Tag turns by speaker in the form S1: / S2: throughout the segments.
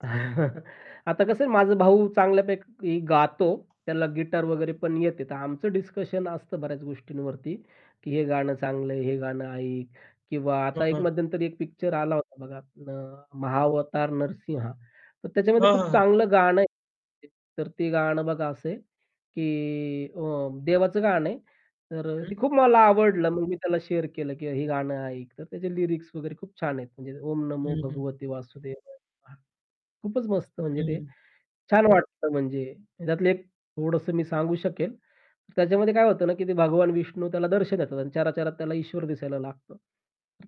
S1: आता कसं आहे माझा भाऊ चांगल्यापैकी गातो. त्याला गिटार वगैरे पण येते. तर आमचं डिस्कशन असतं बऱ्याच गोष्टींवरती की हे गाणं चांगलंय, हे गाणं ऐक किंवा
S2: हां,
S1: आता एक
S2: हां.
S1: मध्यंतरी एक पिक्चर आला होता बघा अ, "महावतार नरसिंह" तर त्याच्यामध्ये
S2: हां, हां,
S1: खूप
S2: हां.
S1: चांगलं गाणं आहे. तर ते गाणं बघा असंय की अ, देवाचं गाणं आहे तर अ, ते
S2: हं.
S1: खूप मला आवडलं. मग मी त्याला शेअर केलं की हे गाणं ऐक. तर त्याचे लिरिक्स वगैरे खूप छान आहेत. म्हणजे "ओम नमो
S2: हं, हं.
S1: भगवते वासुदेव नम:" खूपच मस्त म्हणजे ते
S2: हं.
S1: छान वाटतं म्हणजे त्यातले एक थोडंसं मी सांगू शकेल. त्याच्यामध्ये काय होतं ना, की ते भगवान विष्णू त्याला दर्शन देतात आणि चरा-चरात त्याला ईश्वर दिसायला लागतं.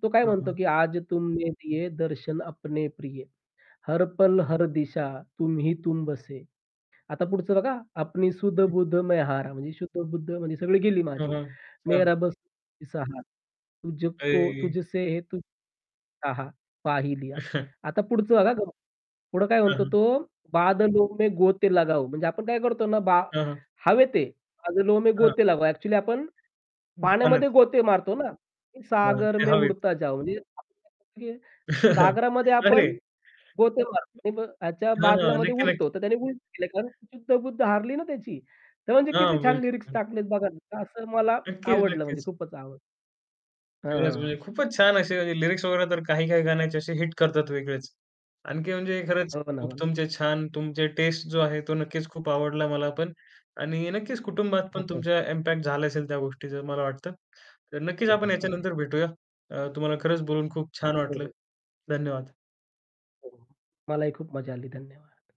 S1: तो काय
S2: हां,
S1: म्हणतो
S2: हां.
S1: की आज तुमने दिये, दर्शन अपने प्रिये. हर पल, हर दिशा तुम्ही तुम बसे. आता पुढचं बघा अपनी सुध
S2: हं.
S1: बुध मैं हारा म्हणजे शुद्ध-बुद्ध म्हणजे सगळी गेली
S2: हां,
S1: माझी,
S2: हां, हां.
S1: मेरा बस तूही सहारा तुझ को
S2: ऐ
S1: तुझसे [unintelligible] पा ही लिया. आता पुढचं बघा हां, [unintelligible] पुढं काय
S2: हं,
S1: म्हणतो
S2: हं.
S1: तो बादलो में गोते लगाओ म्हणजे आपण काय करतो ना, बा
S2: हां, हां.
S1: हवेत आहे, बादलो में
S2: हां.
S1: गोते लगा एक्चुअली आपण
S2: हं, बनत
S1: पाण्यामध्ये गोते मारतो ना,
S2: हां,
S1: सागर
S2: ते
S1: में
S2: हवेत.
S1: उडता जाऊ. [unintelligible] सागरामध्ये आपण
S2: अरे!
S1: गोते मारतो ह्याच्या
S2: हां, हां.
S1: बादलामध्ये
S2: नक्की, नक्की.
S1: उडतो तर त्याने उलट केलं कारण शुद्ध-बुद्ध हारली ना, त्याची तर म्हणजे
S2: हां,
S1: किती छान
S2: बिलकूल,
S1: लिरिक्स
S2: बिलकूल.
S1: टाकलेत बघा असं मला
S2: नक्कीच,
S1: आवडलं म्हणजे
S2: नक्कीच.
S1: खूपच आवडलं. हां,
S2: खरंच
S1: हां, हां.
S2: म्हणजे खूपच छान असे लिरिक्स वगैरे तर काही काही गाण्याचे असे हिट करतात वेगळेच, आणखी म्हणजे खरंच
S1: हो ना,
S2: खूप
S1: हो ना.
S2: तुमचे छान तुमचे टेस्ट जो आहे तो नक्कीच खूप आवडला मला पण आणि नक्कीच कुटुंबात पण
S1: [unintelligible]
S2: तुमचा इम्पॅक्ट झाला असेल त्या गोष्टीचं मला वाटतं. तर नक्कीच आपण
S1: बरोबर आहे.
S2: याच्यानंतर भेटूया. अ, तुम्हाला खरंच बोलून खूप छान
S1: हो,
S2: वाटलं.
S1: हो.
S2: धन्यवाद.
S1: हो. मलाही खूप मजा आली धन्यवाद.